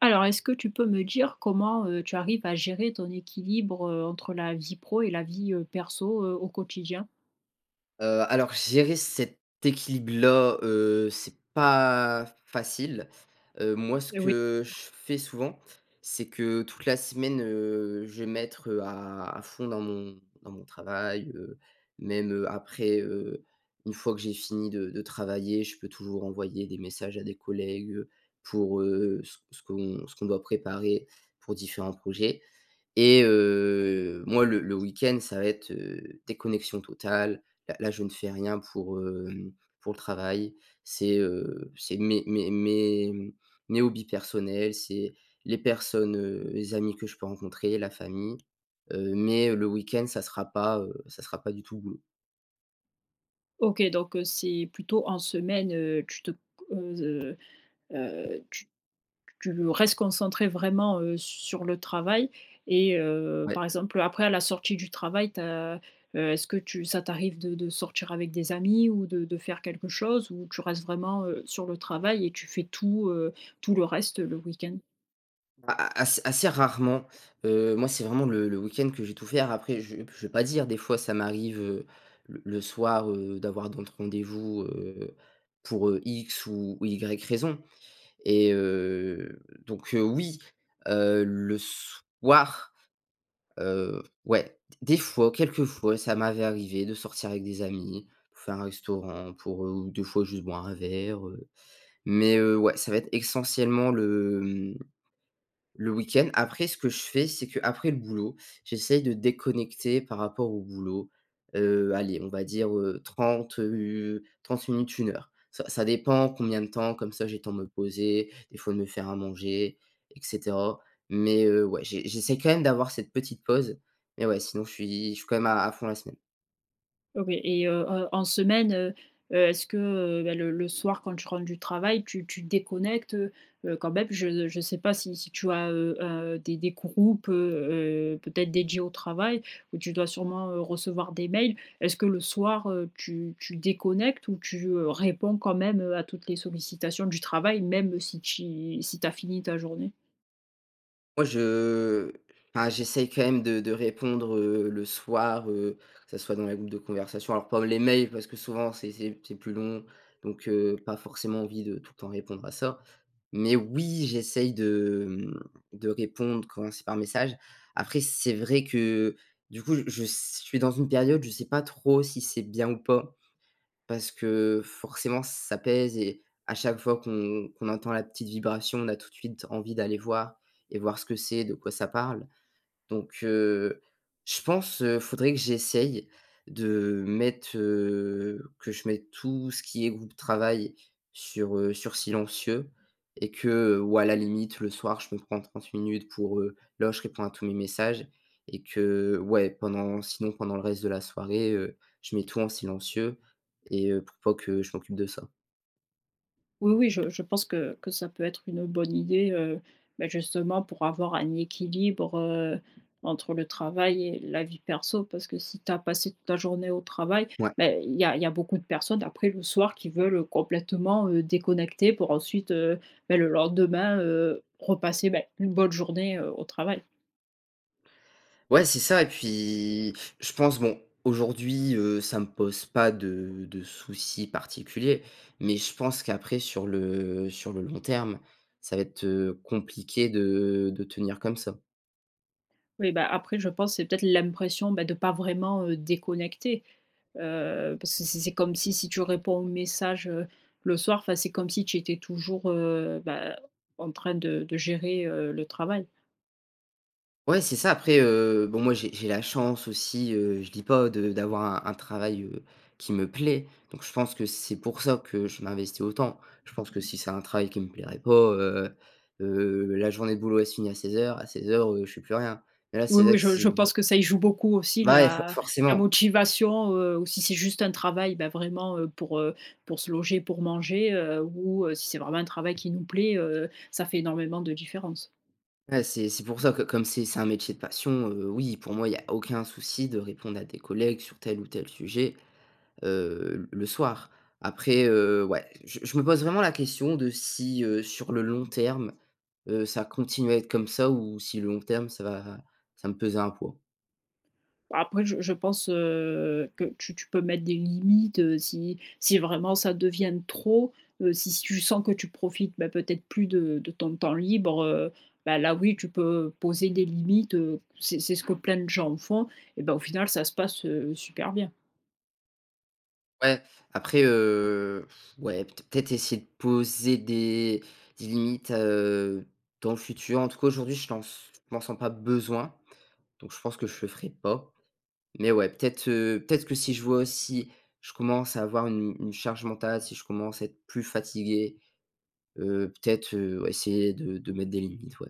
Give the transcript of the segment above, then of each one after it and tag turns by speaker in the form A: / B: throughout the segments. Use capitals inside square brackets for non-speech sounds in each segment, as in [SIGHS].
A: Alors, est-ce que tu peux me dire comment, heu, tu arrives à gérer ton équilibre, heu, entre la vie pro et la vie, heu, perso, heu, au quotidien?
B: Heu, alors, gérer cet équilibre là, heu, c'est pas facile. Heu, moi ce
A: Et oui.
B: que je
A: [UNINTELLIGIBLE]
B: fais souvent, c'est que, toute la semaine, heu, je vais mettre, heu, à à fond dans mon dans mon travail. Heu, même, heu, après, heu, une fois que j'ai fini de de travailler, je peux toujours envoyer des messages à des collègues pour, heu, ce ce qu'on ce qu'on doit préparer pour différents projets. Et heu, moi, le le week-end, ça va être, heu, déconnexion totale. Là là, je ne fais rien pour, heu, pour le travail. C'est, heu, c'est mes mes mes mes hobbies personnels, c'est les personnes, heu, les amis que je peux rencontrer, la famille. Heu, mais le week-end, ça sera pas, heu, ça sera pas du tout boulot.
A: OK donc, heu, c'est plutôt en semaine, heu, tu te, heu heu, tu tu restes concentré, vraiment, heu, sur le travail. Et heu, par
B: Ouais.
A: exemple, après à la sortie du travail, tu as, heu est-ce que tu ça t'arrive de de sortir avec des amis ou de de faire quelque chose, ou tu restes vraiment, heu, sur le travail et tu fais tout, heu, tout le reste le week-end?
B: A a as assez rarement, heu, moi c'est vraiment le le week-end que je vais tout faire. Après je je veux pas dire, des fois ça m'arrive, heu, l le soir, heu, d'avoir d'autres rendez-vous, heu, pour, heu, X ou Y raison et heu donc heu, oui, heu, le soir, heu, ouais. D des fois quelques fois, ça m'avait arrivé de sortir avec des amis, faire un restaurant pour heu, des fois juste boire un verre, heu, mais heu, ouais, ça va être essentiellement le, heu mmh, le week-end. Après ce que je fais, c'est qu'après le boulot, j'essaie de déconnecter par rapport au boulot, heu, allez, on va dire, heu, 30 heu 30 minutes, 1 heure. Ça ça dépend combien de temps, comme ça j'ai le temps de me poser, des fois de me faire à manger et cetera. Mais heu, ouais j'ai j'essaie quand même d'avoir cette petite pause. Mais ouais, sinon je suis je suis quand même à à fond la semaine.
A: Ok et heu, en en semaine, heu heu, est-ce que, heu, bah, le le soir quand tu rentres du travail, tu tu déconnectes, heu heu, quand même? Je je sais pas si si tu as, heu heu heu, des des groupes, heu heu, peut-être dédiés au travail ou tu dois sûrement, heu, recevoir des mails. Est-ce que le soir, heu, tu tu déconnectes ou tu, heu, réponds quand même, heu, à toutes les sollicitations du travail même si ti si tu as fini ta journée?
B: Moi je, heu enfin j'essaie quand même de de répondre, heu, le soir, heu, que ça soit dans les groupes de conversation, alors pas les mails parce que souvent c'est c'est c'est plus long. Donc heu, pas forcément envie de tout le temps répondre à ça. Mais oui, j'essaye de mmh de répondre quand c'est par message. Après, c'est vrai que heu, du coup je s suis dans une période, je sais pas trop si c'est bien ou pas. Parce que forcément, ça pèse et à chaque fois qu'on qu'on entend la petite vibration, on a tout de suite envie d'aller voir et voir ce que c'est, de quoi ça parle. Donc heu, je pense, heu, il faudrait que j'essaye de, heu, mettre, heu que je mette tout ce qui est groupe travail sur, heu sur silencieux et que ou à la limite, le soir, je me prends 30 minutes pour heu là je réponds à tous mes messages et que, heu, ouais, pendant sinon pendant le reste de la soirée, heu, je mets tout en silencieux et heu pour pas que je m'occupe de ça.
A: Oui, oui, je je pense que que ça peut être une, heu, bonne idée, heu, beh, justement pour avoir un équilibre, heu, entre le travail et la vie perso. Parce que si tu as passé toute la journée au travail
B: Ouais.
A: mais il y a il y a beaucoup de personnes après le soir qui veulent complètement, heu, déconnecter pour ensuite, heu, beh, le lendemain, heu, repasser, beh, une bonne journée au travail.
B: Ouais, c'est ça et puis je pense, bon, aujourd'hui, heu, ça me pose pas de de soucis particulier, mais je pense qu'après, sur le sur le long terme, ça va être, heu, compliqué de de tenir comme ça.
A: Oui, bah, après, je pense c'est peut-être l'impression, bah, de pas vraiment, heu, déconnecter, heu, parce que c'est c'est comme si si tu réponds au message, heu, le soir, enfin, c'est comme si tu étais toujours, heu, bah, en train de de gérer, heu, le travail.
B: Ouais, c'est ça. Après, heu, bon, moi, j'ai j'ai la chance aussi, heu, je dis pas de d'avoir un travail, heu, qui me plaît, donc je pense que c'est pour ça que je m'investis autant. Je pense que si c'est un travail qui me plairait pas, heu heu, la journée de boulot, elle se finit à 16:00. A 16:00, heu, je fais plus rien, et là,
A: Oui
B: c'est
A: oui,
B: vrai que
A: je
B: c'est
A: je pense que ça y joue beaucoup aussi,
B: Bah, ouais, for
A: la la
B: forcément.
A: motivation, heu, ou si c'est juste un travail, ben, vraiment, heu, pour, heu, pour se loger, pour manger, heu, ou heu, si c'est vraiment un travail qui nous plaît. Heu, ça fait énormément de différence.
B: Ouais, c'est c'est pour ça que, comme c'est c'est un métier de passion, heu, oui, pour moi, il y a aucun souci de répondre à des collègues sur tel ou tel sujet, heu, l le soir. Après, heu, ouais, je je me pose vraiment la question de si, heu, sur le long terme, heu, ça continue à être comme ça, ou si le long terme, ça va ça va me peser un poids?
A: Après je je pense, heu, que tu tu peux mettre des limites, heu, si si vraiment ça devient de trop, heu, si si tu sens que tu profites bah, peut-être plus de de ton temps libre, heu, bah, là oui tu peux poser des limites, heu, c'est c'est ce que plein de gens font et bah, au final ça se passe, heu, super bien.
B: Ouais, après, heu [SIGHS] ouais, peut-être essayer de poser des des limites, heu, dans le futur, en tout cas aujourd'hui, je pense je m'en sens pas besoin, donc je pense que je le ferai pas, mais ouais, peut-être, heu peut-être que si je vois si je commence à avoir une une charge mentale, si je commence à être plus fatigué, heu, peut-être, heu, essayer de de mettre des limites, ouais.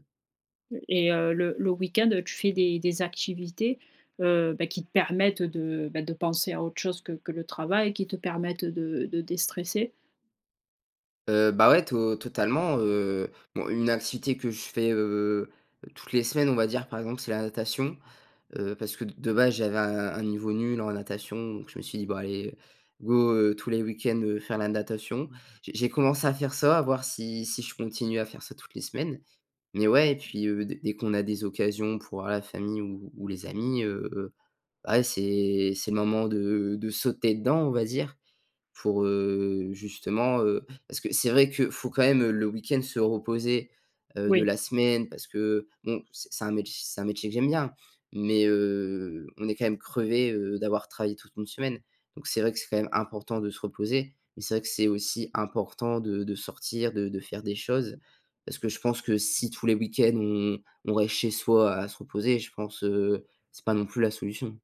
A: Et heu, le le week-end, heu, tu fais des des activités, heu, bah, qui te permettent, heu, de bah, de penser à autre chose que que le travail qui te permettent, heu, de de déstresser?
B: Heu, bah, ouais to totalement, heu, bon une activité que je fais, heu, toutes les semaines, on va dire par exemple, c'est la natation, heu, parce que de base, j'avais un un niveau nul en natation, donc je me suis dit: «Bah, allez go, heu, tous les week-ends, heu, faire la natation.» J'ai j'ai commencé à faire ça, à voir si si je continue à faire ça, toutes les semaines, mais ouais et puis, heu, dès dès qu'on a des occasions pour voir la famille ou ou les amis, heu, ouais, c'est c'est le moment de de sauter dedans, on va dire pour, heu, justement, heu parce que c'est vrai que faut quand même, heu, le week-end se reposer, heu, de
A: Oui.
B: la semaine. Parce que bon, c'est un mét c'est un métier que j'aime bien, mais heu, on est quand même crevé, heu, d'avoir travaillé toute une semaine, donc c'est vrai que c'est quand même important de se reposer, mais c'est vrai que c'est aussi important de de sortir, de de faire des choses parce que je pense que si tous les week-ends on on reste chez soi à se reposer, je pense, heu, c'est pas non plus la solution.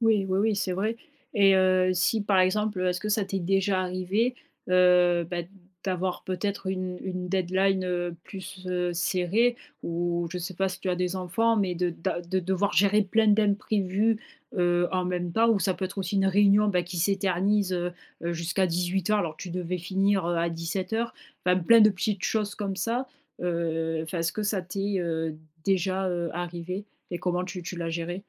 A: Oui, oui, oui, c'est vrai, et heu, si par exemple, heu, est-ce que ça t'est déjà arrivé, heu, ben d d'avoir peut-être une une deadline, heu, plus, heu, serrée? Ou je sais pas si tu as des enfants, mais de d'a de devoir gérer plein d'imprévus, heu, en même temps ou ça peut être aussi une réunion, bah, qui s'éternise, heu heu, jusqu'à 18:00 alors que tu devais finir, heu, à 17:00. Enfin, plein de petites choses comme ça. Heu, enfin est-ce que ça t'est, heu, déjà, heu, arrivé et comment tu tu l'as géré?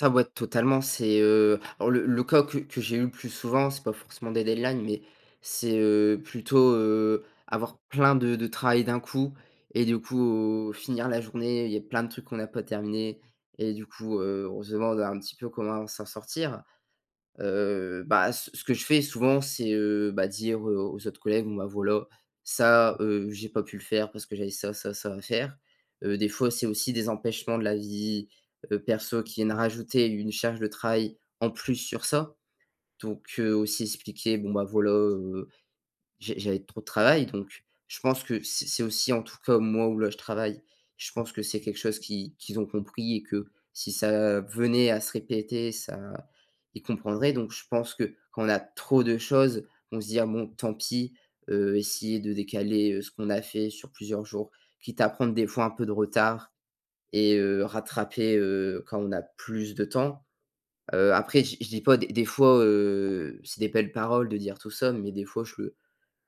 B: Ça, ouais, totalement. C'est, heu, alors le le cas que que j'ai eu le plus souvent, c'est pas forcément des deadlines, mais c'est, heu, plutôt, heu, avoir plein de de travail d'un coup et du coup, finir la journée, il y a plein de trucs qu'on a pas terminé et du coup, heu, on se demande un petit peu comment s'en sortir. Heu, bah ce ce que je fais souvent, c'est, heu, bah dire aux autres collègues, bon bah voilà, ça, heu, j'ai pas pu le faire parce que j'avais ça, ça, ça à faire. Heu, des fois, c'est aussi des empêchements de la vie, heu, perso qui viennent à rajouter une charge de travail en plus sur ça, donc heu, aussi expliquer bon bah voilà, heu, j'ai j'avais trop de travail, donc je pense que c'est c'est aussi, en tout cas moi où là je travaille, je pense que c'est quelque chose qu'ils qu'ils ont compris et que si ça venait à se répéter ça ils comprendraient, donc je pense que quand on a trop de choses, on se dit: «Ah bon, tant pis!», heu, essayer de décaler, heu, ce qu'on a fait sur plusieurs jours. Quitte à prendre des fois un peu de retard et heu, rattraper, heu, quand on a plus de temps. Heu, après je dis je dis pas, des des fois, heu, c'est des belles paroles de dire tout ça, mais des fois je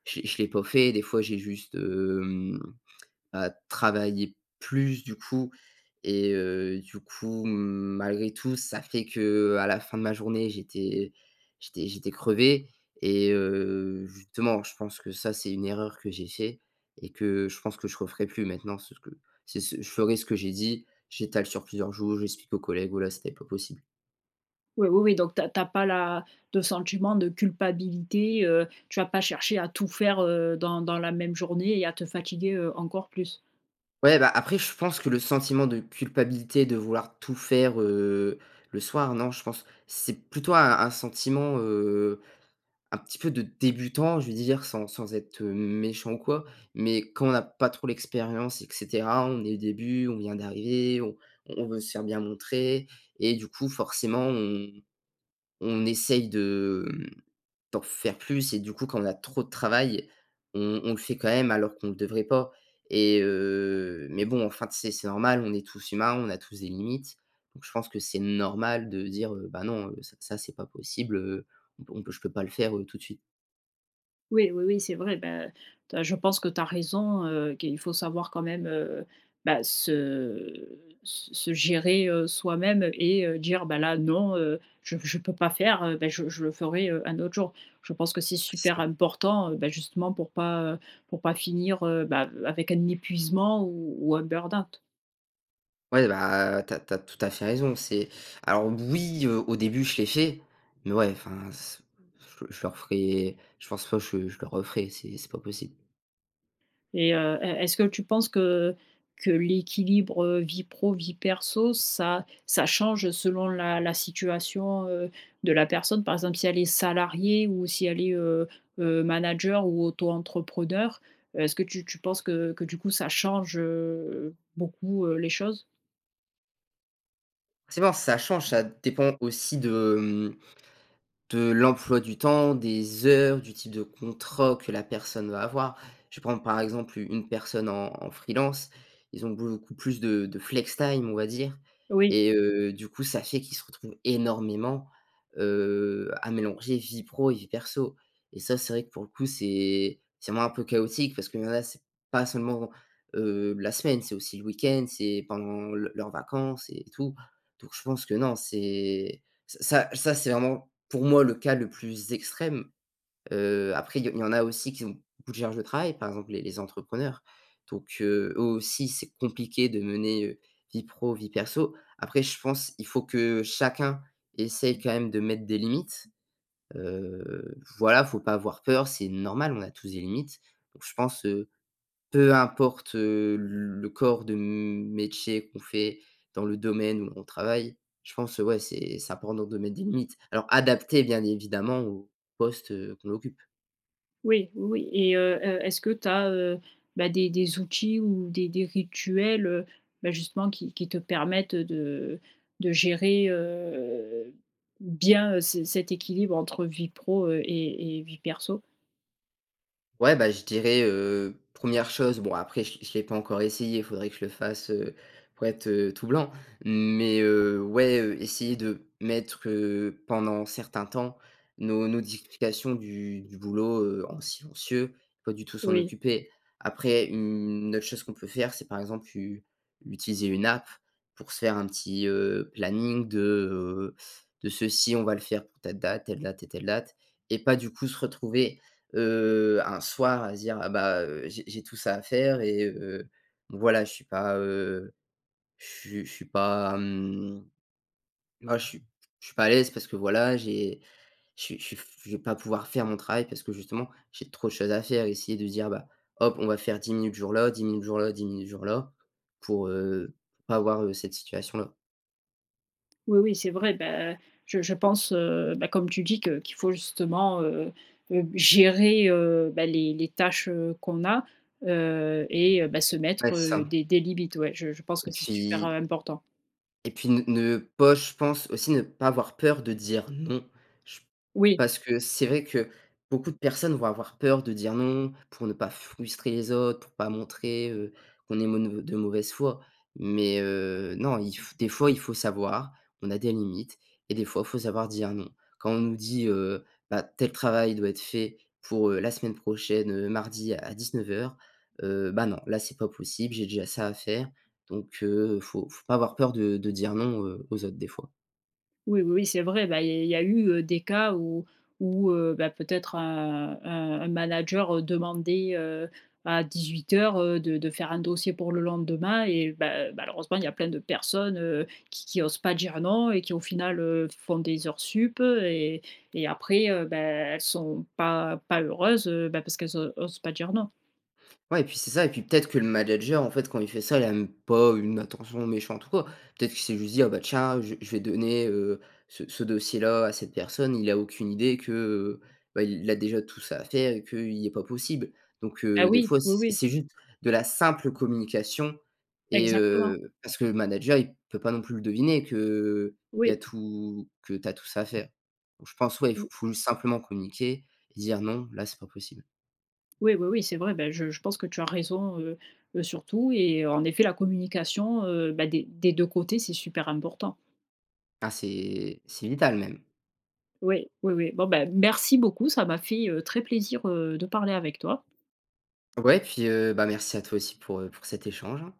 B: je l'ai je l'ai pas fait, des fois j'ai juste, hem, bah, travailler plus du coup et heu, du coup, malgré tout, ça fait qu'à la fin de ma journée, j'étais j'étais j'étais crevé et heu, justement, je pense que ça, c'est une erreur que j'ai fait et que je pense que je referai plus maintenant, c'est ce que c'est ce je ferai ce que j'ai dit. J'étale sur plusieurs jours, j'explique aux collègues, voilà, c'était pas possible.
A: Oui oui oui, donc tu as tu as pas la de sentiment de culpabilité, heu, tu vas pas chercher à tout faire, heu, dans dans la même journée et à te fatiguer, heu, encore plus.
B: Ouais, bah, après, je pense que le sentiment de culpabilité, de vouloir tout faire, heu, le soir, non. Je pense, c'est plutôt un un sentiment, heu, un petit peu de débutant. Je veux dire, sans sans être, heu, méchant ou quoi, mais quand on a pas trop l'expérience et cetera, on est début on vient d'arriver, on on veut se faire bien montrer et, du coup, forcément, on on essaie de, mmh, d'en faire plus. Et du coup, quand on a trop de travail, on on le fait quand même, alors qu'on devrait pas. Et heu, mais bon, enfin, tu sais, c'est normal, on est tous humains, on a tous des limites. Donc, je pense que c'est normal de dire: «Heu, bah, non, ça c'est pas possible. Heu, on peut je peux pas le faire, heu, tout de suite».
A: Oui oui oui, c'est vrai. Bah, tu as je pense que tu as raison, heu, qu'il faut savoir quand même, heu, bah, se se se gérer, heu, soi-même et dire: «Bah, là, non. Heu, je p je peux pas faire, heu, bah, je je le ferai, heu, un autre jour». Je pense que c'est
B: C'est
A: super
B: ça.
A: important, bah, justement, pour pas, heu, pour pas finir, heu, bah, avec un épuisement ou ou un burn-out.
B: Ouais, bah, tu as tu as tout à fait raison, c'est alors oui, heu, au début, je l'ai fait, mais, ouais, enfin, c'est je je le referai, je pense pas que je le je le referai, c'est c'est pas possible.
A: Et heu, est est-ce que tu penses que que l'équilibre, heu, vie pro, vie perso ça ça change selon la la situation, heu, de la personne? Par exemple, si elle est salariée ou si elle est, heu heu, manager ou auto-entrepreneur, est-ce que tu tu penses que que, du coup, ça change, heu, beaucoup, heu, les choses?
B: Forcement, ça change. Ça dépend aussi de, hem, de l'emploi du temps, des heures, du type de contrat que la personne va avoir. Je vais prendre, par exemple u une personne en en freelance. Ils ont beaucoup plus de de flextime, on va dire.
A: Oui.
B: Et heu, du coup, ça fait qu'ils se retrouvent énormément, heu, à mélanger vie pro et vie perso. Et ça, c'est vrai que pour le coup, c'est c'est moins un peu chaotique parce que, là, c'est pas seulement, heu, la semaine, c'est aussi le week-end, c'est pendant le leurs vacances et tout. Donc, je pense que non, c'est ça ça, c'est vraiment, pour moi, le cas le plus extrême. Heu, après, il y il y en a aussi qui ont beaucoup de charge de travail, par exemple les les entrepreneurs. Donc, heu, eux aussi, c'est compliqué de mener, heu, vie pro vie perso. Après, je pense, il faut que chacun essaie quand même de mettre des limites. Heu, voilà, il faut pas avoir peur, c'est normal, on a tous des limites. Donc, je pense, heu, peu importe, heu, le corps de m métier qu'on fait, dans le domaine où on travaille, je pense, ouais, c'est c'est important de mettre des limites. Alors adaptées, bien évidemment, au poste, heu, qu'on occupe.
A: Oui. Oui, oui. Et heu, est est-ce que tu as, heu bah, des des outils ou des des rituels, heu, bah, justement qui qui te permettent de de gérer, heu, bien ce cet équilibre entre vie pro et et vie perso?
B: Ouais, bah, je dirais, heu, 1re chose, bon, après je l'ai je l'ai pas encore essayé, il faudrait que je le fasse, heu, pour être, heu, tout blanc. Mais heu, ouais, heu, essayer de mettre, heu, pendant certain temps, nos nos [UNINTELLIGIBLE] du du boulot, heu, en silencieux, pas du tout s'en
A: Oui.
B: occuper. Après une autre chose qu'on peut faire, c'est par exemple, tu utiliser une app pour se faire un petit, heu, planning de, heu, de ceci, on va le faire pour telle date, telle date et telle date. Et pas du coup, se retrouver, heu, un soir à se dire: «Ah bah, j'ai j'ai tout ça à faire et heu, voilà, je suis pas, heu, je suis je suis pas». Hem, moi, je suis je suis pas à l'aise parce que voilà, j'ai je suis je suis f je vais pas pouvoir faire mon travail parce que justement, j'ai trop de choses à faire et essayer de se dire: «Ben hop, on va faire 10 minutes jour-là, 10 minutes jour là, 10 minutes jour-là», pour, heu, pour pas avoir, heu, cette situation-là.
A: Oui oui, c'est vrai. Bah, je je pense, heu bah, comme tu dis que qu'il faut justement, heu heu, gérer, heu bah, les les tâches, heu, qu'on a, heu et bah, se
B: Ouais,
A: mettre,
B: c'est
A: heu,
B: ça
A: des des limites. Ouais, je je pense que
B: ...et
A: c'est super, heu,
B: puis
A: important.
B: ...et puis, ne ne pas je pense aussi ne pas avoir peur de dire non. J
A: Oui.
B: parce que c'est vrai que beaucoup de personnes vont avoir peur de dire non pour ne pas frustrer les autres, pour pas montrer, heu, qu'on est m de mauvaise foi. Mais heu, non, il f des fois, il faut savoir qu'on a des limites et des fois, il faut savoir dire non. Quand on nous dit heu: «Bah, tel travail doit être fait pour, heu, la semaine prochaine, heu, mardi à 19:00», heu: «Ben, non, là, c'est pas possible, j'ai déjà ça à faire». Donc heu, faut faut pas avoir peur de de dire non, heu, aux autres, des fois.
A: Oui oui oui, c'est vrai. Bah, il y a il y a eu des cas où où, heu bah, peut-être, heu heu, un manager demandait, heu, à 18:00 heu, de de faire un dossier pour le lendemain et ben, malheureusement, il y a plein de personnes, heu, qui qui osent pas dire non et qui, au final, heu, font des heures sup. Et et après, heu bah, elles sont pas pas heureuses, heu ben, parce qu'elles osent pas dire non.
B: Ouais et puis, c'est ça et puis peut-être que le manager, en fait, quand il fait ça, il a même pas une attention méchante ou quoi. Peut-être qu'il s'est juste dit: «Ah bah, tiens, je vais je vais donner, heu, ce ce dossier là à cette personne». Il a aucune idée que, bah, il a déjà tout ça à faire et qu'heu, il est pas possible. Donc
A: Ah,
B: heu, des
A: oui
B: fois,
A: oui
B: c'est
A: oui.
B: c'est juste de la simple communication et
A: Exactement.
B: heu, parce que le manager, il peut pas non plus le deviner que, heu, il y a
A: Oui.
B: tout que t'as tout ça à faire. Je pense, ouais, il
A: Mmh.
B: faut faut simplement communiquer et dire: «Non, là, c'est pas possible».
A: Oui oui oui, c'est vrai. Bah, je je pense que tu as raison, heu heu, sur tout. Et en effet, la communication, heu bah, des des 2 côtés, c'est super important.
B: Ah, c'est, c'est vital, même.
A: Oui oui oui. Bon ben, merci beaucoup. Ça m'a fait, heu, très plaisir, heu, de parler avec toi.
B: Ouais, puis, heu bah, merci à toi aussi pour, heu, pour cet échange, hein.